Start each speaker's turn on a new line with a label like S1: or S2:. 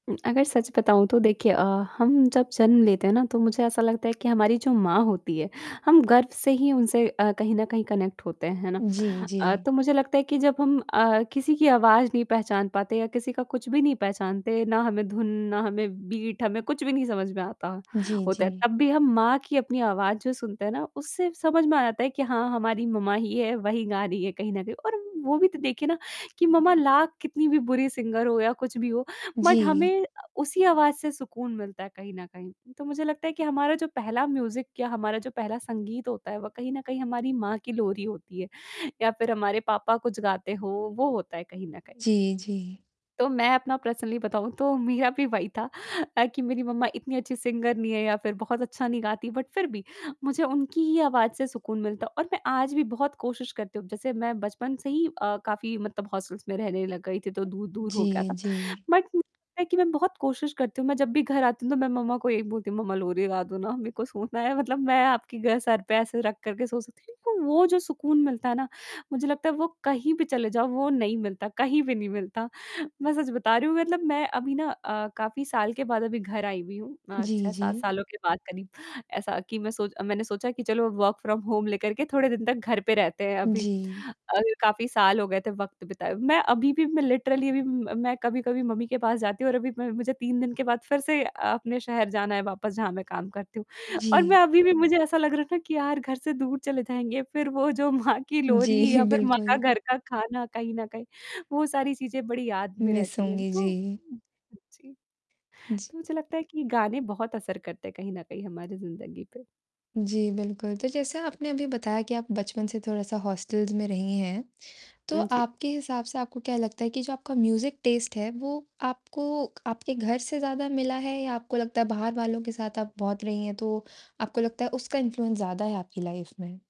S1: उम, अगर सच बताऊँ तो देखिए अ, हम जब जन्म लेते हैं ना, तो मुझे ऐसा लगता है कि हमारी जो माँ होती है, हम गर्व से ही उनसे अ, कहीं न कहीं कनेक्ट होते हैं, है ना।
S2: जी,
S1: अ,
S2: जी।
S1: तो मुझे लगता है कि जब हम अ, किसी की आवाज़ नहीं पहचान पाते या किसी का कुछ भी नहीं पहचानते, ना हमें धुन, ना हमें बीट हमें कुछ भी नहीं समझ में आता,
S2: जी,
S1: होता है,
S2: जी।
S1: तब भी हम माँ की अपनी आवाज़ जो सुनते हैं ना, उससे समझ में आता है कि हाँ, हमारी मम्मा ही है, वही गा रही है कहीं न कहीं। और वो भी तो देखिए ना, कि मम्मा लाख कितनी भी बुरी सिंगर हो या कुछ भी हो, बट
S2: जी।
S1: हमें अ, उसी आवाज़ से सुकून मिलता है कहीं न कहीं। तो मुझे लगता है कि हमारा जो पहला म्यूज़िक क्या हमारा जो पहला संगीत होता है, वो कहीं न कहीं हमारी माँ की लोरी होती है या फिर हमारे पापा कुछ गाते हो, वो होता है कहीं न कहीं।
S2: जी, जी।
S1: तो मैं अपना पर्सनली बताऊँ तो मेरा भी वही था अ, कि मेरी मम्मा इतनी अच्छी सिंगर नहीं है या फिर बहुत अच्छा नहीं गाती, बट फिर भी मुझे उनकी ही आवाज़ से सुकून मिलता है। और मैं आज भी बहुत कोशिश करती हूँ अब जैसे मैं बचपन से ही अ, काफ़ी मतलब हॉस्टल्स में रहने लग गई थी, तो दूर दूर हो गया था।
S2: जी, जी।
S1: बट मुझे लगता है कि मैं बहुत कोशिश करती हूँ मैं जब भी घर आती हूँ तो मैं मम्मा को यही बोलती हूँ, "मम्मा लोरी गा दो ना।" मेरे को सोना है। मतलब मैं आपकी गै सर पे ऐसे रख कर के सो सकती हूँ, क्योंकि तो वो जो सुकून मिलता है ना, मुझे लगता है वो कहीं पे चले जाओ, वो नहीं मिलता, कहीं पे नहीं मिलता। मैं सच बता रही हूँ, मतलब मैं अभी ना अ, काफ़ी साल के बाद अभी घर आई हुई हूँ अ,
S2: जी,
S1: 6-7
S2: जी।
S1: सालों के बाद करीब, ऐसा कि मैं सोच मैंने सोचा कि चलो वर्क फ्रॉम होम लेकर के थोड़े दिन तक घर पे रहते हैं अभी
S2: जी।
S1: अ, काफ़ी साल हो गए थे वक़्त बिताए। मैं अभी भी मैं लिटरली अभी म मैं कभी-कभी मम्मी के पास जाती हूँ और अभी मैं मुझे 3 दिन के बाद फिर से अ, अपने शहर जाना है वापस जहाँ मैं काम करती हूँ। और मैं
S2: जी।
S1: अभी भी मुझे ऐसा लग रहा है ना, कि यार घर से दूर चले जाएँगे फिर वो जो माँ की लोरी
S2: जी,
S1: या फिर माँ का
S2: बिल्कुल।
S1: घर का खाना कहीं न कहीं, वो सारी चीज़ें बड़ी याद में
S2: मिस
S1: रहती हैं।
S2: होंगी।
S1: तो
S2: जी।
S1: हुँ, जी।
S2: जी।
S1: तो मुझे लगता है कि गाने बहुत असर करते हैं कहीं न कहीं हमारी ज़िंदगी पे।
S2: जी, बिल्कुल। तो जैसे आपने अभी बताया कि आप बचपन से थोड़ा-सा हॉस्टल्स में रही हैं। तो
S1: हुँ, जी।
S2: आपके हिसाब से आपको क्या लगता है कि जो आपका म्यूज़िक टेस्ट है, वो आपको आपके घर से ज़्यादा मिला है या आपको लगता है बाहर वालों के साथ आप बहुत रही हैं तो आपको लगता है उसका इन्फ्लुएंस ज़्यादा है आपकी लाइफ़ में?